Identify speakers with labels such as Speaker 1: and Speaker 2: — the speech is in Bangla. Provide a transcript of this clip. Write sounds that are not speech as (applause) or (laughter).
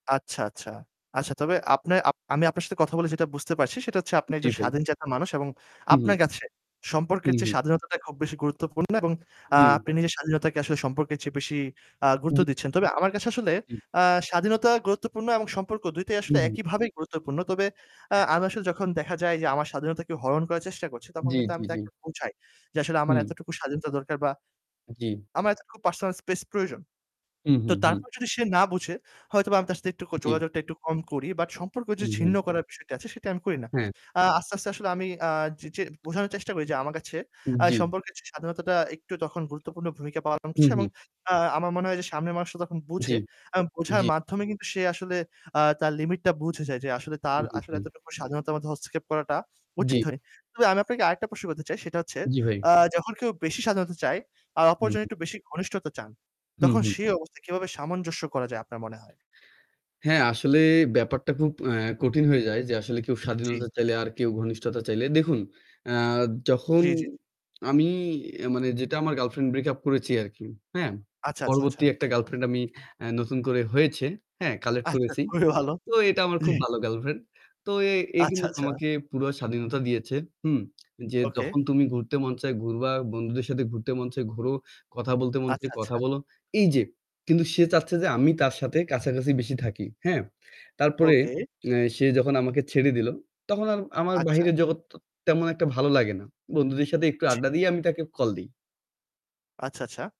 Speaker 1: আচ্ছা, আচ্ছা। আচ্ছা তবে আপনা আপ আমি আপনার সাথে কথা বলে যেটা বুঝতে পারছি, সেটা হচ্ছে আপনি
Speaker 2: জি,
Speaker 1: একজন
Speaker 2: ভাই।
Speaker 1: স্বাধীনচেতা মানুষ এবং
Speaker 2: হুম, হু।
Speaker 1: আপনার কাছে সম্পর্কের
Speaker 2: উম
Speaker 1: চেয়ে
Speaker 2: হুম।
Speaker 1: স্বাধীনতাটা খুব বেশি গুরুত্বপূর্ণ। এবং আ
Speaker 2: জি।
Speaker 1: আপনি নিজের স্বাধীনতাকে আসলে সম্পর্কের চেয়ে বেশি আ গুরুত্ব
Speaker 2: জি।
Speaker 1: দিচ্ছেন। তবে আমার কাছে আসলে
Speaker 2: জি।
Speaker 1: আ স্বাধীনতা গুরুত্বপূর্ণ এবং সম্পর্ক, ২টাই আসলে
Speaker 2: হুম। হু।
Speaker 1: একইভাবেই গুরুত্বপূর্ণ। তবে আ
Speaker 2: হ্যাঁ।
Speaker 1: আমি আসলে যখন দেখা যায় যে আমার স্বাধীনতাকে হরণ করার চেষ্টা করছে, তখন
Speaker 2: জি,
Speaker 1: কিন্তু
Speaker 2: জি,
Speaker 1: আমি
Speaker 2: জি।
Speaker 1: তাকে বোঝাই যে আসলে আমার
Speaker 2: হুম।
Speaker 1: এতটুকু স্বাধীনতা দরকার বা
Speaker 2: জি।
Speaker 1: আমার এতটুকু পার্সোনাল স্পেস প্রয়োজন।
Speaker 2: উ হু,
Speaker 1: তো
Speaker 2: হুম।
Speaker 1: তারপর যদি সে না বুঝে, হয়তোবা আমি তার সাথে একটুকু
Speaker 2: জি।
Speaker 1: যোগাযোগটা একটু কম করি। বাট সম্পর্ক
Speaker 2: হুম, হুম।
Speaker 1: ছিন্ন করার বিষয়টা আছে, সেটা আমি করি না।
Speaker 2: হ্যাঁ।
Speaker 1: আ আস্তে, আস্তে আসলে আমি আ যে যে বোঝানোর চেষ্টা করি যে আমার কাছে
Speaker 2: উ
Speaker 1: আ
Speaker 2: জি।
Speaker 1: সম্পর্কের চেয়ে স্বাধীনতাটা একটু তখন গুরুত্বপূর্ণ ভূমিকা পালন
Speaker 2: হুম,
Speaker 1: করছে এবং
Speaker 2: হুম।
Speaker 1: আ আমার মনে হয় যে সামনের মানুষটা তখন
Speaker 2: জি,
Speaker 1: বুঝে। এবং বোঝার
Speaker 2: জি।
Speaker 1: মাধ্যমে কিন্তু সে আসলে আ তার লিমিটটা বুঝে যায় যে আসলে
Speaker 2: হু,
Speaker 1: তার
Speaker 2: হু,
Speaker 1: আসলে
Speaker 2: হু।
Speaker 1: এতটুকু স্বাধীনতার মধ্যে হস্তক্ষেপ করাটা উচিত
Speaker 2: জি।
Speaker 1: হয়নি। তবে আমি আপনাকে আরেকটা প্রশ্ন করতে চাই, সেটা হচ্ছে
Speaker 2: জি, ভাই।
Speaker 1: আ যখন কেউ বেশি স্বাধীনতা চায় আর
Speaker 2: হু,
Speaker 1: অপরজন
Speaker 2: হু।
Speaker 1: একটু বেশি ঘনিষ্ঠতা চান,
Speaker 2: হুম,
Speaker 1: তখন
Speaker 2: হু।
Speaker 1: সে অবস্থায় কীভাবে সামঞ্জস্য করা যায় আপনার মনে হয়?
Speaker 2: হ্যাঁ, আসলে ব্যাপারটা খুব অ্যা কঠিন হয়ে যায় যে আসলে কেউ
Speaker 1: জি।
Speaker 2: স্বাধীনতা চাইলে আর কেউ ঘনিষ্ঠতা চাইলে। দেখুন, অ্যা যখন
Speaker 1: জি, জি।
Speaker 2: আমি অ্যা মানে যেটা আমার গার্লফ্রেন্ড ব্রেক আপ করেছি আরকি। হ্যাঁ?
Speaker 1: আচ্ছা, আচ্ছা, আচ্ছা।
Speaker 2: পরবর্তী একটা গার্লফ্রেন্ড আমি অ্যা নতুন করে হয়েছে। হ্যাঁ? কালেক্ট
Speaker 1: আচ্ছা
Speaker 2: করেছি।
Speaker 1: খুবই ভালো।
Speaker 2: তো এটা আমার খুব
Speaker 1: (chuckles)
Speaker 2: ভালো গার্লফ্রেন্ড। তো এ এ
Speaker 1: আচ্ছা,
Speaker 2: কিন্তু
Speaker 1: আচ্ছা।
Speaker 2: আমাকে পুরা স্বাধীনতা দিয়েছে। হুম? (smacks lips) যে
Speaker 1: ওকে।
Speaker 2: যখন তুমি ঘুরতে মন চায় ঘুরবা। বন্ধুদের সাথে ঘুরতে মন চায়, ঘুরো। কথা বলতে মন চায়,
Speaker 1: আচ্ছা,
Speaker 2: কথা
Speaker 1: আচ্ছা।
Speaker 2: বলো। এই যে কিন্তু সে চাচ্ছে যে আমি তার সাথে কাছাকাছি বেশি থাকি। হ্যাঁ? তারপরে
Speaker 1: ওকে।
Speaker 2: অ্যা সে যখন আমাকে ছেড়ে দিল, তখন আর আমার
Speaker 1: আচ্ছা।
Speaker 2: বাহিরের জগৎ তেমন একটা ভালো লাগে না। বন্ধুদের সাথে একটু
Speaker 1: জি।
Speaker 2: আড্ডা দিয়েই আমি তাকে কল দেই।
Speaker 1: আচ্ছা, আচ্ছা।